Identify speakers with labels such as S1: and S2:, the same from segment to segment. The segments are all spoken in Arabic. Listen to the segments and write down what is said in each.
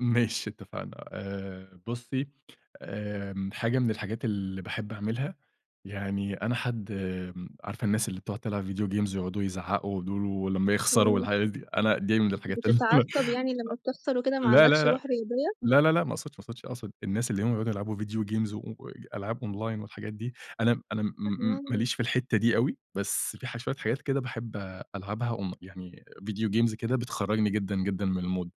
S1: ماشي اتفقنا آآ، بُصي آآ حاجة من الحاجات اللي باحب أعملها يعني أنا حد امم، عارفة الناس اللي بتقعد تلعب فيديو games ويقعدوا يزعقوا دول ولما يخسروا
S2: إمم.
S1: الحاجات دي، أنا دي من الحاجات اللي أنا
S2: بتتعصب يعني لما بتخسر وكده
S1: أ
S2: ما
S1: لا، لا،
S2: عندكش
S1: لا،
S2: روح رياضية؟
S1: لا، لا، لا، ما أقصدش ما أقصدش أقصد الناس اللي هم بيقعدوا يلعبوا فيديو games و ألعاب أونلاين والحاجات دي أنا أنا م
S2: [unintelligible]
S1: ماليش في الحتة دي أوي، بس في ح شوية حاجات كده باحب ألعبها أون يعني فيديو games كده بتخرجني جدًا، جدًا، من المود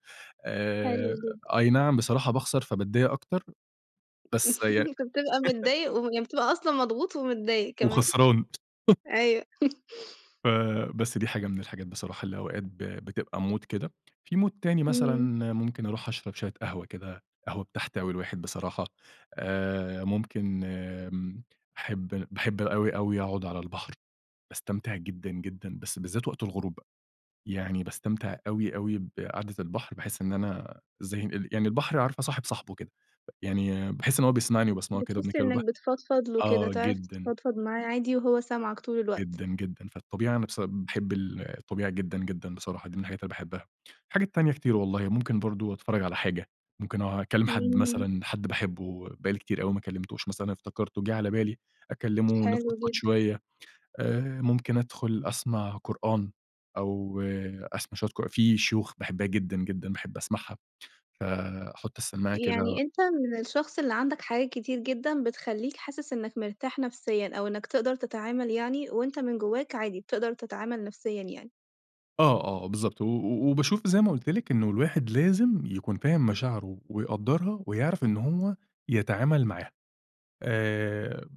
S2: حلو
S1: آآ،
S2: جدًا.
S1: أي نعم بصراحة باخسر فباتضايق أكتر. بس ي
S2: بتبقى متضايق وي وبتبقى أصلًا مضغوط ومتضايق كمان.
S1: وخسران.
S2: أيوه.
S1: ف بس دي حاجة من الحاجات بصراحة اللي أوقات ب بتبقى مود كده، في مود تاني مثلًا
S2: إمم.
S1: ممكن أروح أشرب شوية قهوة كده قهوة بتحتوي الواحد بصراحة آآ، ممكن امم باحب باحب أوي، أوي أقعد على البحر باستمتع جدًا، جدًا، بس بالذات وقت الغروب بقى يعني باستمتع أوي، أوي بقعدة البحر باحس إن أنا إزاي إن يعني البحر عارفة صاحب صاحبه كده يعني باحس إن هو بيسمعني وباسمعه كده وأنا
S2: بتحس
S1: باتكلم مع البحر
S2: إنك بتفضفض له وكده،
S1: آه
S2: تعرف
S1: جدًا.
S2: تتفضفض معاه عادي وهو سامعك طول الوقت.
S1: جدًا، جدًا، فالطبيعي أنا بس باحب ال الطبيعة جدًا، جدًا، بصراحة دي من الحاجات اللي باحبها، الحاجة تانية كتير والله ممكن برضه أتفرج على حاجة ممكن أكلم حد
S2: إمم.
S1: مثلًا حد باحبه بقالي كتير أوي ما كلمتهوش, مثلًا افتكرته جيه على بالي أكلمه
S2: حلو
S1: [unintelligible]
S2: جدًا.
S1: شوية آآ، ممكن أدخل أسمع قرآن، أو أسمع شوية قر في شيوخ باحبها جدًا، جدًا، باحب أسمعها فأحط السماعة كده
S2: يعني أنت من الشخص اللي عندك حاجات كتير جدًا بتخليك حاسس إنك مرتاح نفسيًا، أو إنك تقدر تتعامل يعني وأنت من جواك عادي بتقدر تتعامل نفسيًا يعني؟
S1: آه، آه، بالضبط، و و وباشوف زي ما قلت لك إنه الواحد لازم يكون فاهم مشاعره ويقدرها ويعرف إنه هو يتعامل معاها آآ،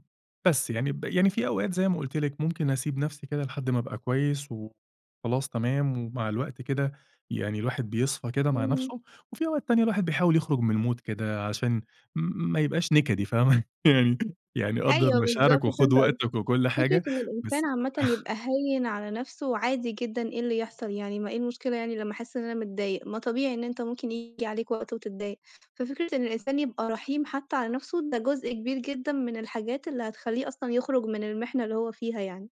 S1: بس يعني ب يعني في أوقات زي ما قلت لك ممكن أسيب نفسي كده لحد ما ابقى كويس وخلاص تمام، ومع الوقت كده يعني الواحد بيصفى كده مع
S2: إمم.
S1: نفسه، وفي أوقات ثانية الواحد بيحاول يخرج من المود كده عشان م ما يبقاش نكدي فاهمة يعني يعني قدّر
S2: أيوه بالضبط
S1: مشاعرك وخد
S2: فهمت قصدك،
S1: وقتك وكل
S2: فكرة
S1: حاجة
S2: إن الإنسان
S1: بس
S2: عامةً يبقى هيّن على نفسه، وعادي جدًا إيه اللي يحصل يعني ما إيه المشكلة يعني لما أحس إن أنا متضايق، ما طبيعي إن إنت ممكن ييجي عليك وقت وتتضايق، ففكرة إن الإنسان يبقى رحيم حتى على نفسه ده جزء كبير جدًا من الحاجات اللي هتخليه أصلًا يخرج من المحنة اللي هو فيها يعني.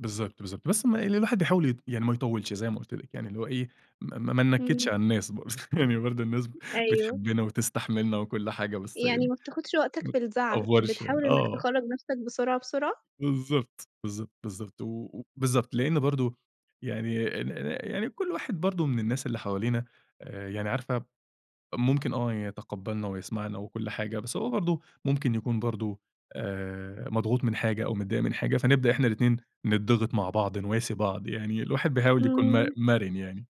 S1: بالضبط، بالضبط، بس م اللي الواحد بيحاول ي يعني ما يطولش زي ما قلت لك، يعني اللي هو إيه م ما ننكدش
S2: إمم.
S1: على الناس يعني برضه الناس
S2: أيوه.
S1: بتحبنا وتستحملنا وكل حاجة بس
S2: يعني
S1: يعني
S2: ما بتاخدش وقتك بالزعل،
S1: متأفورش
S2: بتحاول إنك
S1: آه.
S2: تخرج نفسك بسرعة بسرعة؟
S1: بالضبط، بالضبط، بالضبط، و بالضبط، لأنه برضه يعني ن ن يعني كل واحد برضه من الناس اللي حوالينا يعني عارفة ممكن آه، يتقبلنا ويسمعنا وكل حاجة، بس هو برضه ممكن يكون برضه آآ، مضغوط من حاجة أو متضايق من حاجة فنبدأ إحنا الإتنين نتضغط مع بعض نواسي بعض يعني الواحد بيحاول يكون م
S2: إمم.
S1: مرن يعني.